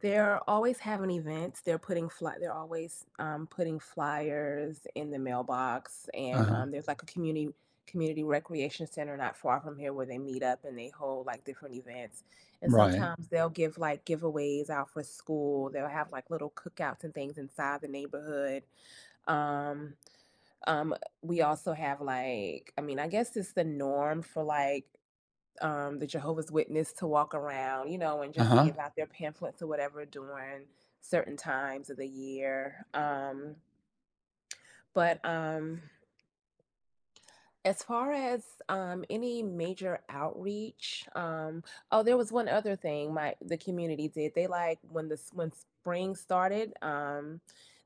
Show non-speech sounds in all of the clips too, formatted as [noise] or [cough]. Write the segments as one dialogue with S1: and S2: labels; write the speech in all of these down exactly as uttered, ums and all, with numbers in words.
S1: They're always having events, they're putting fly they're always, um, putting flyers in the mailbox, and, um,
S2: Uh-huh.
S1: there's, like, a community community recreation center not far from here where they meet up and they hold, like, different events. And
S2: Right.
S1: sometimes, they'll give, like, giveaways out for school, they'll have, like, little cookouts and things inside the neighborhood. Um, um, we also have, like I mean, I guess it's the norm for, like, um, the Jehovah's Witness to walk around, you know, and just
S2: Uh-huh.
S1: give out their pamphlets or whatever during certain times of the year, um But, um as far as, um, any major outreach, um Oh, there was one other thing my the community did. They, like, when this when spring started, um,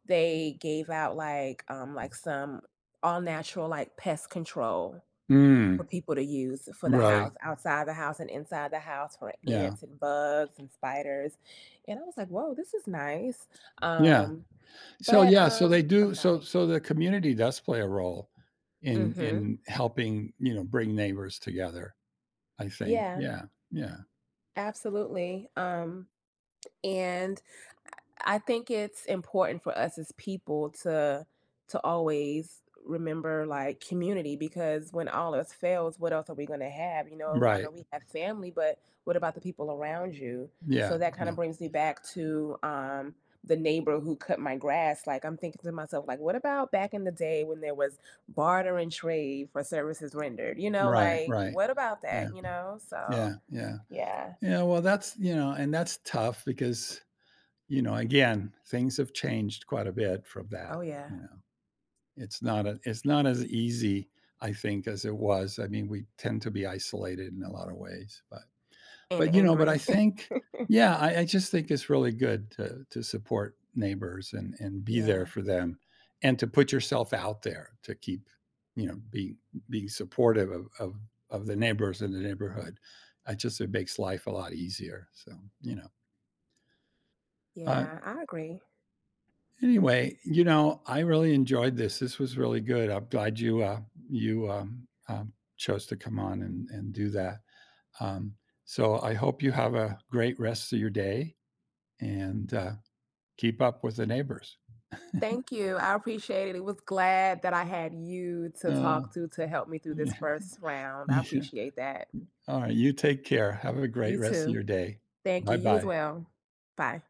S1: they gave out, like, um, like, some all-natural, like, pest control for
S2: Mm.
S1: people to use, for the
S2: Right.
S1: house outside the house and inside the house for
S2: Yeah.
S1: ants, and bugs, and spiders, and I was like, "Woah, this is nice."
S2: Yeah.
S1: Um,
S2: So,
S1: but,
S2: yeah, so, they
S1: um I'm
S2: do so
S1: sorry.
S2: so, the community does play a role in
S1: Mhm.
S2: in helping, you know, bring neighbors together, I think.
S1: Yeah.
S2: Yeah, yeah.
S1: Absolutely. Um, and I I think it's important for us as people to to always remember, like, community because when all else fails, what else are we gonna have, you know? I know
S2: Right.
S1: we have family, but what about the people around you? So,
S2: Yeah,
S1: that kinda
S2: yeah.
S1: brings me back to, um, the neighbor who cut my grass. Like, I'm thinking to myself, like, what about back in the day when there was barter and trade for services rendered? You know,
S2: Right,
S1: like,
S2: right.
S1: what about
S2: Yeah.
S1: that, you know? So,
S2: Yeah, yeah.
S1: yeah.
S2: You know, well, that's you know, and that's tough because, you know, again, things have changed quite a bit from that,
S1: Oh, yeah.
S2: you know? It's not a it's not as easy, I think, as it was. I mean, we tend to be isolated in a lot of ways, but
S1: And
S2: But, you know, but
S1: angry.
S2: I think
S1: [laughs]
S2: Yeah, I I just think it's really good to to support neighbors and and be there
S1: Yeah.
S2: for them, and to put yourself out there to keep, you know, being being supportive of of of the neighbors in the neighborhood. I just it makes life a lot easier, so, you know uh
S1: Yeah, I agree.
S2: Anyway, you know, I really enjoyed this. This was really good. I'm glad you, uh, you, um, um, chose to come on and and do that. Um, so, I hope you have a great rest of your day and, uh, keep up with the neighbors. [chuckles]
S1: Thank you, I appreciate it. It was glad that I had you to
S2: Oh,
S1: talk to to help me through this
S2: yeah,
S1: first round. I
S2: yeah.
S1: appreciate that.
S2: All right, you take care. Have a great
S1: You,
S2: rest of
S1: too.
S2: your day.
S1: Thank you. You as
S2: Bye-bye.
S1: well. Bye.